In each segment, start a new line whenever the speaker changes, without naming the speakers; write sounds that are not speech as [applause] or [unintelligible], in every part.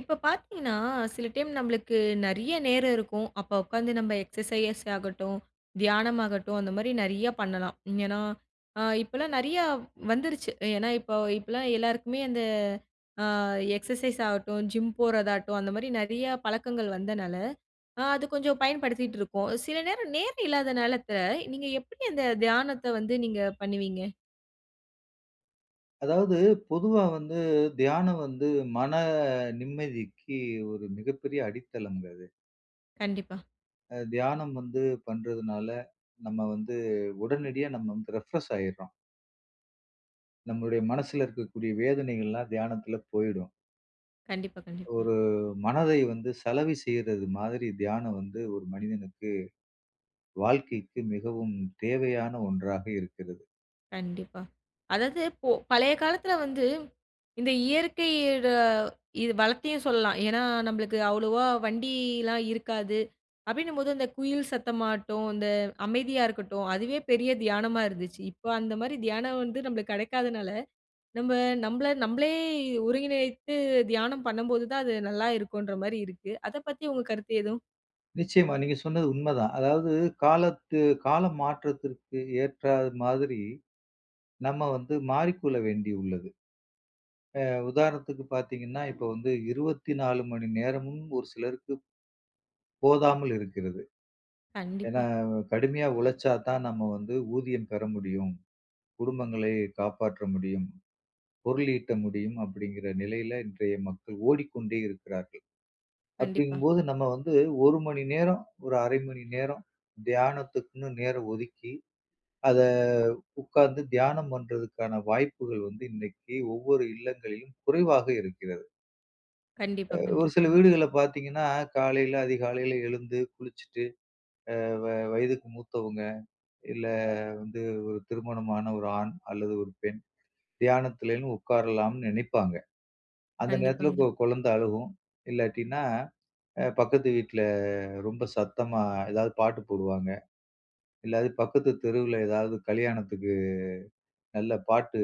இப்ப பாத்தீங்கன்னா, சில டைம் நம்ப்ளுக்கு நெறையா நேரம் இருக்கும். அப்போ உக்காந்து நம்ம எக்ஸ்ஸசைஸ் ஆகட்டும், தியானம் ஆகட்டும், அந்த மாரி நெறையா பண்ணலாம். ஏனா இப்பலாம் நெறையா வந்துருச்சு. ஏனா இப்போ இப்பலாம் எல்லாருக்குமே அந்த, அ எக்ஸ்ஸசைஸ் ஆகட்டும், ஜிம் போறதாட்டும் அந்த மாரி நெறையா பழக்கங்கள் வந்தனால, அது கொஞ்சம் பயன்படுத்திட்ருக்கோம். சில நேரம், நேரம் இல்லாத நாலத்த நீங்க எப்டி அந்த தியானத்த வந்து நீங்கப் பண்ணுவீங்க?
அதாவது பொதுவா வந்து, தியானம் வந்து மன நிம்மதிக்கு ஒரு மிகப்பெரிய அடித்தளம்ங்க அது.
கண்டிப்பா.
அ தியானம் வந்து பண்றதுனால நம்ம வந்து உடனடியா நம்ம வந்து ரெஃப்ரெஷ் ஆயிறோம். நம்முடைய மனசுல இருக்கக்கூடிய வேதனைகள்லாம் தியானத்துல போயிடும்.
கண்டிப்பா, கண்டிப்பா.
ஒரு மனதை வந்து சலவை செய்யறது மாதிரி, தியானம் வந்து ஒரு மனிதனுக்கு, வாழ்க்கைக்கு மிகவும் தேவையான ஒன்றாக இருக்கிறது.
கண்டிப்பா. அதாது போ பழைய காலத்துல வந்து, இந்த இயற்கையிட வளத்தையும் சொல்லலாம். ஏன்னா நம்பளுக்கு அவ்ளோவா வண்டிலாம் இருக்காது. அப்டின்னும் போது அந்த குயில் சத்தமாட்டும், அந்த அமைதியா இருக்கட்டும். அதுவே பெரிய தியானமா இருந்துச்சு. இப்போ அந்த மாரி தியானம் வந்து நம்ளுக்கு கெடைக்காதனால, நம்ம நம்மள நம்மளே ஒருங்கிணைத்து தியானம் பண்ணும்போது தான் அது நல்லா இருக்குன்ற மாரி இருக்கு. அத பத்தி உங்க கருத்து எதுவும்
நிச்சயமா. நீங்க சொன்னது உண்மதான். அதாவது காலத்து கால மாற்றத்திற்கு ஏற்றா மாதிரி, நம்ம வந்து மாறிக்கொள்ள வேண்டியுள்ளது. அ உதாரணத்துக்குப் பாத்தீங்கன்னா, இப்ப வந்து 24 மணி நேரமும் ஒரு சிலருக்கு போதாமல் இருக்கிறது. ஏன்னா
கண்டிப்பா.
கடுமையா உழைச்சா தான் நம்ம வந்து ஊதியம் பெற முடியும், குடும்பங்களை காப்பாற்ற முடியும், பொருள் ஈட்ட முடியும் அப்டிங்கிற நிலையில இன்றைய மக்கள் ஓடிக்கொண்டே இருக்கிறார்கள். அப்டிங்கும்
கண்டிப்பா.
போது நம்ம வந்து 1 மணி நேரம், ஒரு 0.5 மணி நேரம் தியானத்துக்குன்னு நேரம் ஒதுக்கி, அத உக்கார்ந்து தியானம் பண்றதுக்கான வாய்ப்புகள் வந்து இன்னைக்கு ஒவ்வொரு இல்லங்களிலும் குறைவாக இருக்கிறது. அ
கண்டிப்பா,
ஒரு சில
கண்டிப்பாங்க.
வீடுகள்ல பாத்தீங்கன்னா, காலையில அதிகாலையில எழுந்து குளிச்சுட்டு, அ வ வயதுக்கு மூத்தவுங்க, இல்ல வந்து ஒரு திருமணமான ஒரு ஆண் அல்லது ஒரு பெண் தியானத்துலனு உக்காரலாம்னு நெனைப்பாங்க. அந்த நேரத்துல ஒரு
கண்டிப்பாங்க.
கொ கொழந்தை அழுகும். இல்லாட்டின்னா, அ பக்கத்து வீட்டில ரொம்ப சத்தமா ஏதாவது பாட்டு போடுவாங்க. இல்லாட்டி பக்கத்து தெருவுல ஏதாவது கல்யாணத்துக்கு நல்ல பாட்டு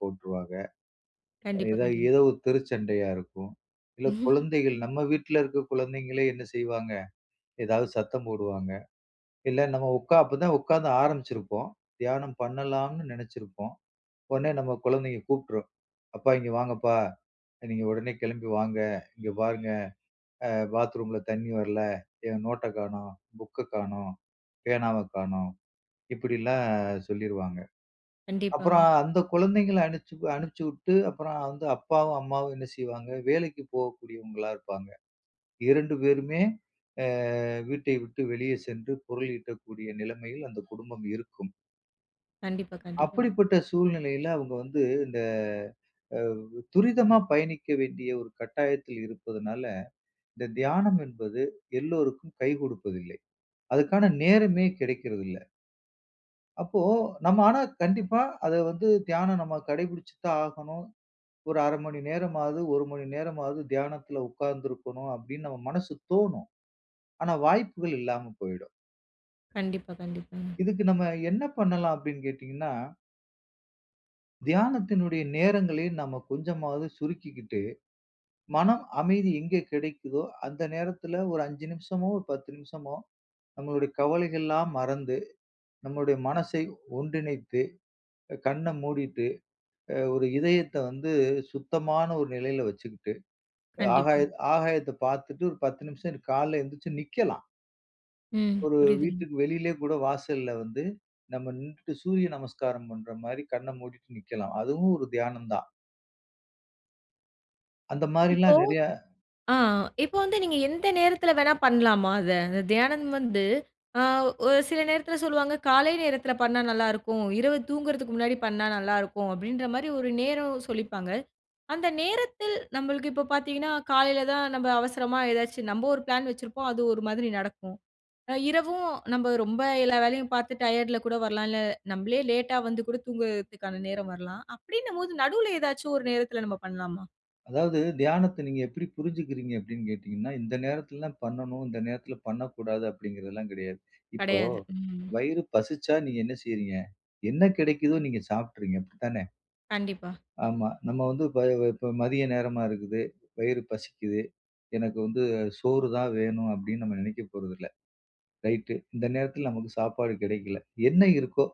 போட்டுருவாங்க.
கண்டிப்பா.
ஏதாவது
கண்டி
ஏதோ ஒரு தெருச்சண்டையா இருக்கும். இல்ல
[chuckles]
குழந்தைகள், நம்ம வீட்டுல இருக்கிற குழந்தைங்களே என்ன செய்வாங்க? ஏதாவது சத்தம் போடுவாங்க. இல்ல நம்ம உக்கா அப்பதான் உக்காந்து ஆரம்பிச்சிருப்போம். தியானம் பண்ணலாம்னு நெனச்சிருப்போம். உடனே நம்ம கொழந்தைங்க கூப்டுரும். "அப்பா இங்க வாங்கப்பா. நீங்க உடனே கிளம்பி வாங்க. இங்க பாருங்க. அ பாத்ரூம்ல தண்ணி வரல. என் நோட்ட காணோம். புக்க காணோம். பேனாவ காணோம்." இப்படியில்லாம் சொல்லிருவாங்க. அப்புறம்
கண்டிப்பாங்க.
அந்தக் குழந்தைங்கள அனிச்சு அனிச்சுட்டு அப்புறம் வந்து அப்பாவும் அம்மாவும் என்ன செய்வாங்க? வேலைக்கு போகக்கூடியவங்களா இருப்பாங்க. 2 பேருமே, அ வீட்டை விட்டு வெளியே சென்று பொருள் ஈட்டக்கூடிய நிலைமையில் அந்தக் குடும்பம் இருக்கும்.
கண்டிப்பா, கண்டிப்பா.
அப்படிப்பட்ட சூழ்நிலையில அவுங்க வந்து, இந்த அவ் துரிதமா பயணிக்க வேண்டிய ஒரு கட்டாயத்தில் இருப்பதுனால, இந்த தியானம் என்பது எல்லோருக்கும் கை கொடுப்பதில்லை. அதுக்கான நேரமே கிடைக்கிறதில்ல. அப்போ, நம்ம ஆனா கண்டிப்பா அத வந்து தியானம் நம்ம கடைபிடிச்சுத்தான் ஆகணும். ஒரு 0.5 மணி நேரமாவது, 1 மணி நேரமாவது தியானத்துல உக்கார்ந்து இருக்கணும், அப்டின்னு நம்ம மனசுக்கு தோணும். ஆனா வாய்ப்புகள் இல்லாம போயிடும்.
கண்டிப்பா, கண்டிப்பாங்க.
இதுக்கு நம்ம என்ன பண்ணலாம் அப்டின்னு கேட்டீங்கன்னா தியானத்தினுடைய நேரங்களை நம்ம கொஞ்சமாவது சுருக்கிக்கிட்டு, மனம் அமைதி எங்கே கிடைக்குதோ அந்த நேரத்துல ஒரு 5 நிமிஷமோ, ஒரு 10 நிமிஷமோ நம்முடைய கவலைகள்லாம் மறந்து, நம்முடைய மனசை ஒன்றிணைத்து, கண்ண மூடிட்டு, அ ஒரு இதயத்த வந்து சுத்தமான ஒரு நிலையில வச்சுக்கிட்டு, ஆகாய
கண்டிப்பா.
ஆகாயத்தை பாத்துட்டு ஒரு 10 நிமிஷம் காலை எந்திச்சு நிக்கலாம்.
ம்.
ஒரு
புரியுதுங்க.
வீட்டுக்கு வெளியிலே கூட வாசல்ல வந்து, நம்ம நின்னுட்டு சூரிய நமஸ்காரம் பண்ற மாரி கண்ண மூடிட்டு நிக்கலாம். அதுவும் ஒரு தியானம்தான். அந்த
இப்போ
மாரிலாம் நெறைய
ஆ, ஆ, இப்போ வந்து நீங்க எந்த நேரத்துல வேணா பண்ணலாமா அத? அந்த தியானம் வந்து, ஆ ஒரு சில நேரத்துல சொல்லுவாங்க. காலை நேரத்துல பண்ணா நல்லா இருக்கும். இரவு தூங்குறதுக்கு முன்னாடி பண்ணா நல்லா இருக்கும் அப்டின்ற மாரி ஒரு நேரம் சொல்லிப்பாங்க. அந்த நேரத்தில் நம்மளுக்கு இப்போ பாத்தீங்கன்னா, காலையில தான் நம்ப அவசரமா ஏதாச்சும் நம்ப ஒரு பிளான் வச்சிருப்போம். அது ஒரு மாதிரி நடக்கும். அ இரவும் நம்ம ரொம்ப எல்லா வேலையும் பாத்து டயர்டுல கூட வரலாம், இல்ல நம்மளே லேட்டா வந்து கூடத் தூங்குறதுக்கான நேரம் வரலாம், அப்டின்னு போது நடுவுல ஏதாச்சும் ஒரு நேரத்துல நம்ம பண்ணலாமா?
அதாவது, தியானத்த நீங்க எப்டி புரிஞ்சிக்கிறீங்க அப்டின்னு கேட்டீங்கன்னா, இந்த நேரத்துலலாம் பண்ணணும், இந்த நேரத்துல பண்ணக் கூடாது அப்டிங்கறதெல்லாம் கெடையாது. இப்போ
கெடையாது. ம்.
வயிறு பசிச்சா நீங்க என்ன செய்றீங்க? என்ன கிடைக்குதோ நீங்க சாப்ட்றீங்க. அப்டித்தான?
கண்டிப்பா.
ஆமா. நம்ம வந்து இப்ப இப்ப மதிய நேரமா இருக்குது. வயிறு பசிக்குது. எனக்கு வந்து சோறுதான் வேணும் அப்டின்னு நம்ம நெனைக்கப்போறது இல்ல. ரைட், இந்த நேரத்துல நமக்குச் சாப்பாடு கெடைக்கல. என்ன இருக்கோ,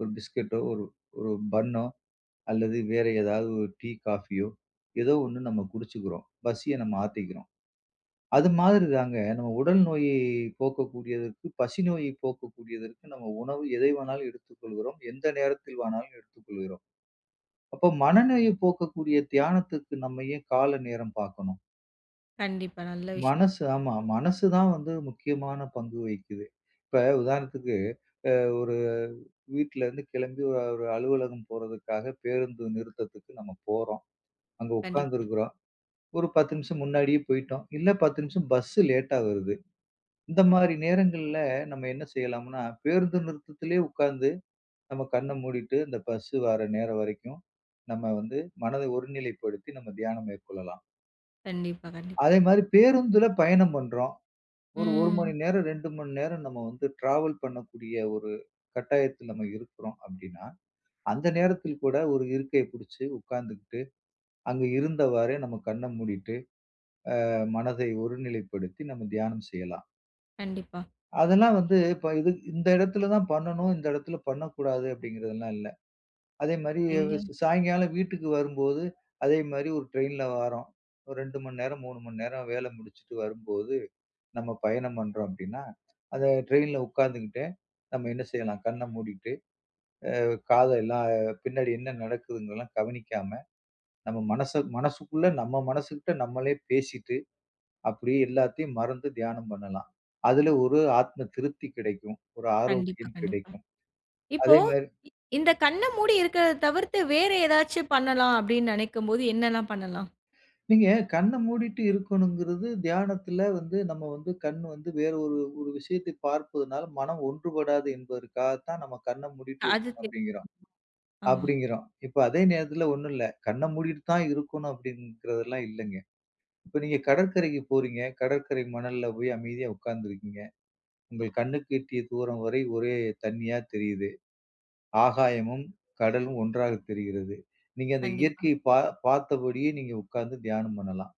ஒரு பிஸ்கட்டோ, ஒரு, ஒரு பன்னோ அல்லது வேற ஏதாவது ஒரு டீ, காஃபியோ, ஏதோ ஒண்ணு நம்ம குடிச்சுக்குறோம். பசிய நம்ம ஆத்திக்கிறோம். அது மாதிரிதாங்க நம்ம உடல் நோயை போக்கக்கூடியதற்கு, பசி நோயை போக்கக்கூடியதற்கு நம்ம உணவு எதைவானாலும் எடுத்துக் கொள்கிறோம், எந்த நேரத்தில்வானாலும் எடுத்துக் கொள்கிறோம். அப்போ மனநோயை போக்கக்கூடிய தியானத்துக்கு, நம்ம ஏன் கால நேரம் பாக்கணும்?
கண்டிப்பா. நல்ல விஷயம்.
மனசு ஆமா. மனசுதான் வந்து முக்கியமான பங்கு வகிக்குது. இப்ப உதாரணத்துக்கு, அ ஒரு வீட்டிலருந்து கிளம்பி ஒரு அலுவலகம் போறதுக்காகப் பேருந்து நிறுத்தத்துக்கு நம்ம போறோம். அங்கு உக்காந்து
கண்டிப்பா.
இருக்குறோம். ஒரு 10 நிமிஷம் முன்னாடியே போயிட்டோம். இல்ல, 10 நிமிஷம் பஸ்ஸு லேட்டா வருது. இந்த மாரி நேரங்கள்ல நம்ப என்ன செய்யலாம்னா, பேருந்து நிறுத்தத்திலே உக்கார்ந்து நம்ப கண்ண மூடிட்டு அந்த பஸ்ஸு வர்ற நேரம் வரைக்கும், நம்ப வந்து மனதை ஒருநிலைப்படுத்தி நம்ம தியானம் மேற்கொள்ளலாம்.
கண்டிப்பா, கண்டிப்பா.
அதே மாரி பேருந்துல பயணம் பண்றோம். ஒரு 1 மணி
ம்.
நேரம், 2 மணி நேரம் நம்ம வந்து ட்ராவல் பண்ணக்கூடிய ஒரு கட்டாயத்தில நம்ம இருக்குறோம் அப்டின்னா, அந்த நேரத்தில் கூட ஒரு இருக்கையை புடிச்சு உக்காந்துகிட்டு, அங்க இருந்தவாரே நம்ம கண்ண மூடிட்டு, அ மனத ஒருநிலைப்படுத்தி நம்ம தியானம் செய்யலாம்.
கண்டிப்பா.
அதெல்லாம் வந்து, இப்ப இது இந்த இடத்துல தான் பண்ணணும், இந்த இடத்துல பண்ணக்கூடாது அப்டிங்கிறதல்லாம் இல்ல. அதே மாரி,
எங்க?
சாயங்காலம் வீட்டுக்கு வரும்போது, அதே மாரி ஒரு ட்ரைனில்ல வாரோம். ஒரு 2 மணி நேரம், 3 மணி நேரம் வேல முடிச்சிட்டு வரும்போது, நம்ம பயணம் பண்றோம் அப்டின்னா, அந்த ட்ரைனில்ல உக்காந்துகிட்டே, நம்ம என்ன செய்யலாம், கண்ண மூடிட்டு, அ காதெல்லாம், பின்னாடி என்ன நடக்குதுங்கெல்லாம் கவனிக்காம, நம்ம மனச மனசுக்குள்ள, நம்ம மனசுக்கிட்ட நம்மளே பேசிட்டு, அப்டேயே எல்லாத்தயும் மறந்து தியானம் பண்ணலாம். அதுல ஒரு ஆத்ம திருப்தி கிடைக்கும். ஒரு
கண்டிப்பா,
ஆரோக்கியம்
கண்டிப்பா.
கிடைக்கும்.
இப்போ
அதே மாரி
இ இந்தக் கண்ண மூடி இருக்கறத தவிர்த்து வேற ஏதாச்சு பண்ணலாம், அப்டின்னு நெனைக்கும்போது என்னெல்லாம் பண்ணலாம்?
நீங்க கண்ண மூடிட்டு இருக்கணுங்கிறது, தியானத்துல வந்து நம்ம வந்து கண் வந்து வேற ஒரு, ஒரு விஷயத்த பார்ப்பதுனால மனம் ஒன்றுபடாது என்பதற்காகத்தான் நம்ம கண்ண மூடிட்டு
அது
இருக்கணும்
தெ
அப்டிங்கிறோம்
ஆமா.
அப்டிங்கிறோம். இப்ப அதே நேரத்துல ஒண்ணும் இல்ல. கண்ண மூடிட்டு தான் இருக்கணும் அப்டிங்கறது எல்லாம் இல்லங்க. இப்ப நீங்க கடற்கரைக்கு போறீங்க. கடற்கரை மணல்ல போய் அமைதியா உக்காந்துருக்கீங்க. உங்கள் கண்ணுக்கு எட்டிய தூரம் வரை ஒரே தண்ணியா தெரியுது. ஆகாயமும் கடலும் ஒன்றாகத் தெரிகிறது. நீங்க அந்த
கண்டிப்பா.
இயற்கைய பா பாத்தபடியே நீங்க உக்காந்து தியானம் பண்ணலாம்.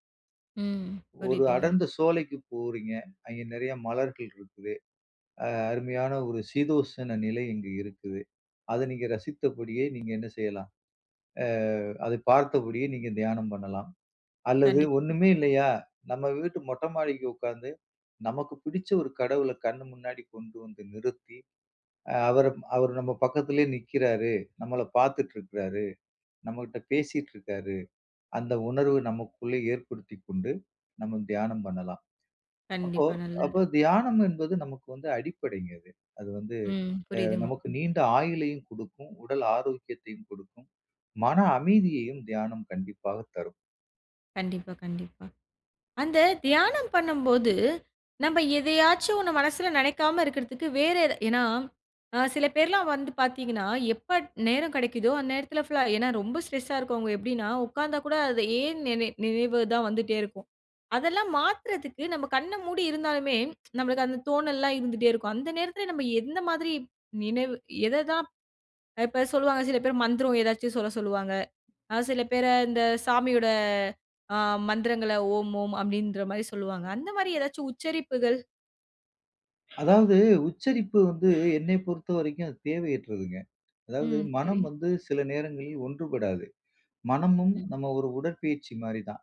ம்,
ஒரு
புரிதுங்க.
அடர்ந்த சோலைக்கு போறீங்க. அங்க நிறைய மலர்கள் இருக்குது. அ அருமையான ஒரு சீதோஷன நிலை இங்க இருக்குது. அத நீங்க ரசித்தபடியே நீங்க என்ன செய்யலாம்? அ அத பாத்தபடியே நீங்க தியானம் பண்ணலாம். அல்லது
கண்டிப்
ஒண்ணுமே இல்லையா, நம்ம வீட்டு மொட்டை மாடிக்கு உக்காந்து, நமக்கு பிடிச்ச ஒரு கடவுள கண்ணு முன்னாடி கொண்டு வந்து நிறுத்தி, அ அவர அவர் நம்ம பக்கத்துலயே நிக்கிறாரு, நம்மள பாத்துட்டு இருக்காரு, நம்மகிட்ட பேசிட்டு இருக்காரு, அந்த உணர்வு நமக்குள்ளே ஏற்படுத்திக்கொண்டு, நம்ம தியானம் பண்ணலாம். அப்போ
கண்டிப்பா, நல்லது.
அப்போ தியானம் என்பது நமக்கு வந்து அடிப்படைங்க இது. அது வந்து
ம்,
அ
புரிதுங்
நமக்கு நீண்ட ஆயுளையும் கொடுக்கும், உடல் ஆரோக்கியத்தையும் கொடுக்கும், மன அமைதியையும் தியானம் கண்டிப்பாகத் தரும்.
கண்டிப்பா, கண்டிப்பா. அந்தத் தியானம் பண்ணும்போது, நம்ப எதையாச்சும் ஒண்ணு மனசுல நினைக்காம இருக்குறதுக்கு வேற எத ஏன்னா, அ சில பேர்லாம் வந்து பாத்தீங்கன்னா, எப்ப நேரம் கிடைக்குதோ அந்த நேரத்துல ஃபுல்லா ஏன்னா ரொம்ப ஸ்ட்ரெஸா இருக்கவங்க எப்டின்னா, உக்காந்தா கூட அது ஏன் நினை நினைவு தான் வந்துட்டே இருக்கும். அதெல்லாம் மாத்துறதுக்கு நம்ப கண்ண மூடி இருந்தாலுமே, நம்பளுக்கு அந்தத் தோணல்லாம் இருந்துட்டே இருக்கும். அந்த நேரத்துல நம்ப எந்த மாதிரி நினைவு எத தான் இப்ப சொல்லுவாங்க, சில பேர் மந்திரம் எதாச்சும் சொல்லச் சொல்லுவாங்க. சில பேர இந்தச் சாமியோட அ மந்திரங்கள ஓம், ஓம் அப்டின்ற மாரி சொல்லுவாங்க, அந்த மாதிரி ஏதாச்சு உச்சரிப்புகள்
அதாவது, உச்சரிப்பு வந்து என்னைப் பொறுத்தவரைக்கும் அது தேவையற்றதுங்க. அதாவது,
ம், செரி.
மனம் வந்து சில நேரங்களில் ஒன்றுபடாது. மனமும்
ம்.
நம்ம ஒரு உடற்பயிற்சி மாதிரிதான்.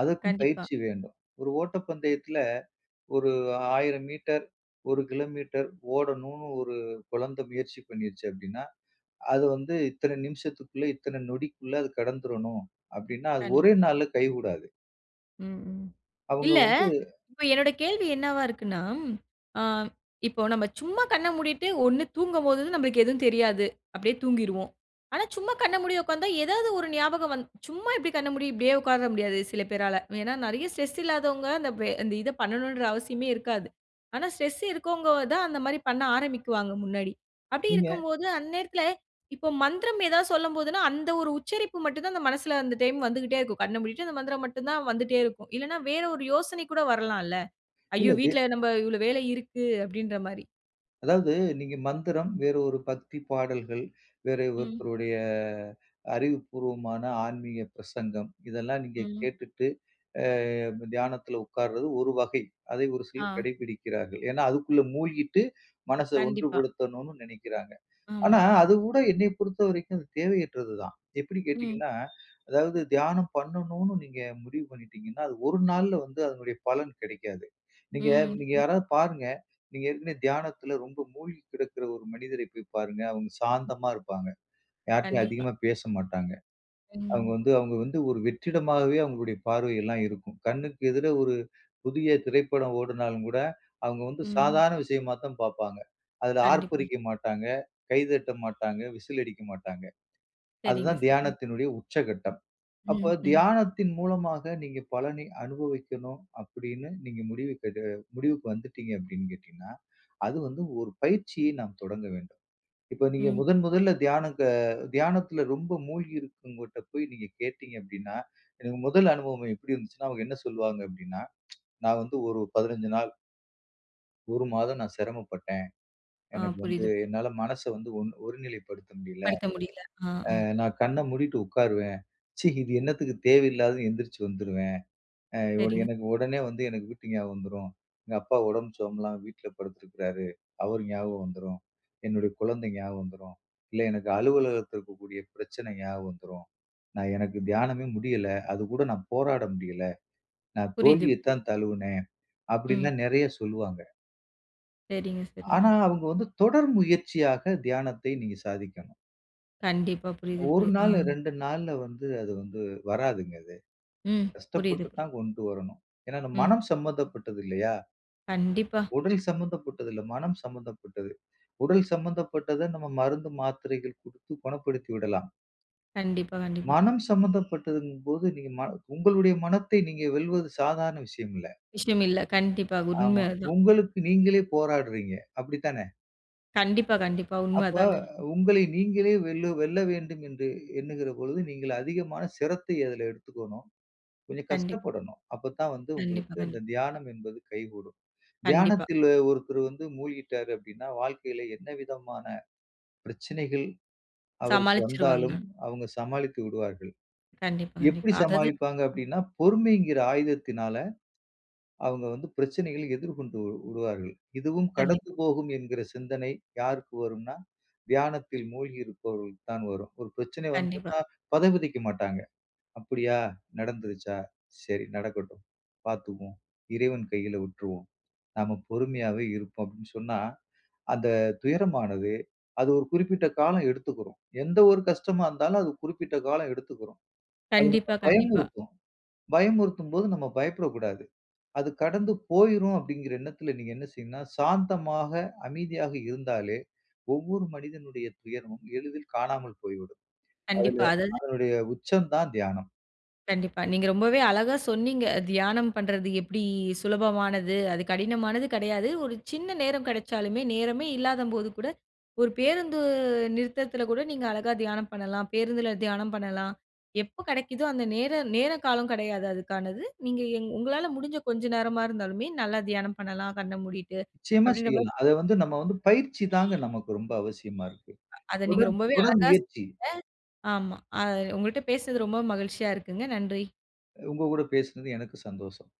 அதற்கும்
கண்டிப்பா.
பயிற்சி வேண்டும். ஒரு ஓட்டப்பந்தயத்துல, ஒரு 1,000 மீட்டர், 1 கிலோமீட்டர் ஓடணுன்னு ஒரு கொழந்த முயற்சி பண்ணிருச்சு அப்டின்னா, அது வந்து இத்தன நிமிஷத்துக்குள்ள இத்தன நொடிக்குள்ள அது கடந்துரணும் அப்டின்னா, அது ஒரே
கண்டிப்பா.
நாள்ல கை கூடாது.
ம், ம்.
அவுங்க
இல்ல,
வந்து
இப்போ என்னோட கேள்வி என்னவா இருக்குன்னா, அ இப்போ நம்ம சும்மா கண்ண மூடிட்டு, ஒண்ணு தூங்கும்போது நம்பளுக்கு எதுவும் தெரியாது. அப்டியே தூங்கிருவோம். ஆனா சும்மா கண்ண மூடி உக்காந்தா, ஏதாவது ஒரு ஞாபகம் வந் சும்மா எப்டி கண்ண மூடி இப்டியே உக்கார முடியாது சில பேரால. ஏன்னா, நெறையா ஸ்ட்ரெஸ் இல்லாதவங்க, அந்த வே அந்த இத பண்ணணுன்ற அவசியமே இருக்காது. ஆனா, ஸ்ட்ரெஸ் இருக்கவங்கதான் அந்த மாதிரி பண்ண ஆரம்பிக்குவாங்க முன்னாடி. அப்டி
நீங்க
இருக்கும்போது, அந்நேரத்துல, இப்போ மந்திரம் ஏதாவது சொல்லும்போதுன்னா, அந்த ஒரு உச்சரிப்பு மட்டும்தான், அந்த மனசுல அந்த டைம் வந்துகிட்டே இருக்கும். கண்ண மூடிட்டு அந்த மந்திரம் மட்டும்தான் வந்துட்டே இருக்கும். இல்லன்னா வேற ஒரு யோசனை கூட வரலாம்ல. அய்யோ!
இல்ல,.
வீட்டுல
[unintelligible]
நம்ம இவ்ளோ வேலை இருக்கு அப்டின்ற மாதிரி.
அதாவது நீங்க மந்திரம், வேற ஒரு பக்தி பாடல்கள், வேறே
ம்.
ஒருத்தருடைய, அறிவுப்பூர்வமான ஆன்மீக பிரசங்கம், இதெல்லாம் நீங்க
ம்.
கேட்டுட்டு அ தியானத்துல உக்கார்றது ஒரு வகை. அதை ஒரு சிலர்
அ.
கடைப்பிடிக்கிறார்கள். ஏன்னா அதுக்குள்ள மூழ்கிட்டு, மனச ஒன்று
கண்டிப்பா.
படுத்தனும்ன்னு நெனைக்கிறாங்க. ஆனா
ஆமா.
அதுக்கூட என்னையப் பொறுத்தவரைக்கும் தேவையற்றது தான். எப்டி
ம்.
கேட்டீங்கன்னா, அதாவது தியானம் பண்ணணும்ன்னு நீங்க முடிவு பண்ணிடீங்கன்னா, அது ஒரு நாள்ல வந்து அதனுடைய பலன் கிடைக்காது. நீங்க
ம்.
நீங்க
ம்.
யாரது பாருங்க, நீங்க ஏற்கனவே தியானத்துல ரொம்ப முழ்கி கிடக்கிற ஒரு மனிதரைப் போய்ப் பாருங்க. அவுங்க சாந்தமா இருப்பாங்க. யார்ட்டயும்
கண்டிப்பா.
அதிகமா பேச மாட்டாங்க. அவுங்க
ம்.
வந்து, அவங்க வந்து ஒரு வெற்றிடமாகவே அவுங்களுடையப் பார்வை எல்லாம் இருக்கும். கண்ணுக்கு எதிர ஒரு, புதிய திரைப்படம் ஓடுனாலும் கூட, அவுங்க வந்து
ம்.
சாதாரண விஷயமா தான் பாப்பாங்க. அதுல
கண்டிப்பா.
ஆர்ப்பரிக்க மாட்டாங்க, கை தட்ட மாட்டங்க, விசில் அடிக்க மாட்டாங்க. அது
சேரிங்க,
தான்
சரி.
தியானத்தினுடைய உச்சக்கட்டம். அப்ப
ம்ஹ்ம்.
தியானத்தின் மூலமாக நீங்க பலனை அனுபவிக்கணும் அப்டின்னு நீங்க முடிவு [unintelligible] முடிவுக்கு வந்துடீங்க அப்டின் கேட்டீங்கனா, அது வந்து ஒரு பயிற்சியை நாம் தொடங்கவேண்டும். இப்ப நீங்க
ம்.
முதன் முதல்ல தியானத்த தியானத்துல ரொம்ப மூழ்கி இருக்குறவங்கட்ட போய் நீங்க கேட்டீங்க அப்டின்னா, எனக்கு முதல் அனுபவம் எப்டி இருந்துஞ்சுன்னா அவுங்க என்ன சொல்வாங்க அப்டின்னா, [tsk] நான் வந்து ஒரு 15 நாள் 1 மாதம் நான் சிரமப்பட்டேன்.
அ,
எனக்கு வந்து,
புரிது.
என்னால மனசு வந்து ஒன் ஒருநிலை படுத்த முடில.
படுத்த முடியல. அ,
அ
அ.
நான் கண்ண மூடிட்டு உட்காருவேன். ச்சீ! இது என்னத்துக்கு தேவையில்லாததுன்னு எந்திரிச்சி வந்துருவேன். அ உன
சேரிங்க.
எனக்கு உடனே வந்து எனக்கு வீட்டு ஞாபகம் வந்துரும். எங்க அப்பா உடம்பு சரி சுகமில்லாம வீட்டுல படுத்துருக்குறாரு. அவரு ஞாபகம் வந்துரும். என்னோட குழந்தை ஞாபகம் வந்துரும். இல்ல எனக்கு அலுவலகத்துல இருக்கக்கூடிய பிரச்சனை ஞாபகம் வந்துரும். நான் எனக்கு தியானமே முடியல. அதுக் கூட நான் போராட முடியல. நான்
புரிது,
தோல்வியத்
புரிது.
தான் தழுவுனேன்.
ம்.
அப்படின்னுலாம் நெறய சொல்லுவாங்க.
சேரிங்க,
ஆனா,
சேரிங்க.
அவுங்க வந்து தொடர் முயற்சியாக தியானத்தை நீங்க சாதிக்கணும்.
கண்டிப்பா. புரிது,
1
புரிது, அ.
நாளு, 2 நாள்ல வந்து, அது வந்து வராதுங்க, அது.
ம், புரிது, புரிது.
கஷ்டப்பட்டுதான் கொண்டு வரணும். ஏன்னா, நம்
ம்.
மனம் சம்பந்தப்பட்டது இல்லையா?
கண்டிப்பா.
உடல் சம்பந்தப்பட்டது இல்ல, மனம் சம்பந்தப்பட்டது. உடல் சமந்தப்பட்டத நம்ம, மருந்து மாத்திரைகள் குடுத்து குணப்படுத்திவிடலாம்.
கண்டிப்பா, கண்டிப்பா.
மனம் சம்பந்தப்பட்டதுங்கபோது, நீங்க ம உங்களுடைய மனத்தை நீங்க வெல்வது சாதாரண விஷயம் இல்ல.
விஷயம் இல்ல. கண்டிப்பா, உண்ம
ஆமா.
அதான்.
உங்களுக்கு நீங்களே போராடுறீங்க, அப்டிதான?
கண்டிப்பா, கண்டிப்பா உண்ம
அப்ப,
அதாங்க.
உங்களை, நீங்களே வெல்லு வெல்ல வேண்டுமென்று என்னுகிற பொழுது, நீங்கள் அதிகமான சிரத்தை அதுல எடுத்துக்கணும். கொஞ்சம்
கண்டிப்
கஷ்டப்படணும். அப்பத்தான் வந்து
கண்டிப்பா.
உங்களுக்கு
கண்டிப்பா.
அந்த தியானம் என்பது கைக்கூடும்.
கண்டிப்பா.
தியானத்தில ஒருத்தர் வந்து மூழ்கிட்டாரு அப்டினா வாழ்க்கையில என்னவிதமான பிரச்சினைகள் அவருக்கு
சமாளிச்சுருவாங்க.
வந்தாலும், அவுங்க சமாளித்து விடுவார்கள்.
கண்டிப்பா,
எப்புடி
கண்டிப்பா. அதாது
சமாளிப்பாங்க அப்டினா, பொறுமைங்கிற ஆயுதத்தினால, அவுங்க வந்து பிரச்சினைகள் எதிர்கொண்டு விடுவார்கள். இதுவும்
கண்டிப்
கடந்து போகும் என்கிற சிந்தனை யாருக்கு வரும்னா, தியானத்தில் மூழ்கியிருப்பவர்களுக்கு தான் வரும். ஒரு பிரச்சினை
கண்டிப்பா.
வந்துட்னா, பதைபதைக்க மாட்டாங்க, அப்படியா நடந்துருச்சா, சரி நடக்கட்டும் பாத்துக்குவோம், இறைவன் கையில விட்ருவோம். நாம பொறுமையாவே இருப்போம் அப்டின் சொன்னா, அந்த துயரமானது அது ஒரு குறிப்பிட்ட காலம் எடுத்துகுரும். எந்த ஒரு கஷ்டமாருந்தாலும், அது குறிப்பிட்ட காலம் எடுத்துகுரும். அது நம்ம
கண்டிப்பா, கண்டிப்பா.
பயமுறுத்தும். பயமுறுத்தும் போது நம்ம பயப்படக்குடாது. அது கடந்து போயுரும் அப்டிங்குற என்னத்துல நீங்க என்ன செய்யணும்னா, சாந்தமாக, அமைதியாக இருந்தாலே, ஒவ்வொரு மனிதனுடைய துயரமும் எளிதில் காணாமல் போய் விடும். அதுல
கண்டிப்பா, அதாது
அதனுடைய உச்சம் தான் தியானம்.
கண்டிப்பா. நீங்க ரொம்பவே அழகா சொன்னீங்க. தியானம் பண்றது எப்டி சுலபமானது, அது கடினமானது கெடயாது. ஒரு சின்ன நேரம் கெடச்சாலுமே நேரமே இல்லாத போது கூட, ஒரு பேருந்து நிறுத்தத்துல கூட நீங்க அழகா தியானம் பண்ணலாம். பேருந்துல தியானம் பண்ணலாம். எப்ப கெடைக்குதோ அந்த நேர நேர காலம் கெடையாது. அதுக்கானது. நீங்க எங் உங்களால முடிஞ்ச கொஞ்ச நேரமாருந்தாலுமே நல்ல தியானம் பண்ணலாம். கண்ண மூடிட்டு
நிச்சயமா
அப்டின்றமா
செய்யலாம். அது வந்து நம்ம வந்து பயிற்சி தான்ங்க நமக்கு ரொம்ப அவசியமா இருக்கு.
அத நீங்க
தொடர்
ரொம்பவே
தொடர்
அழகா
முயற்சி.
சொன்னீஙஂக. ஆமா. உங்கள்ட பேசினது ரொம்ப மகிழ்ச்சியா இருக்குங்க. நன்றி.
உங்ககூட பேசுனது எனக்கு சந்தோஷம்.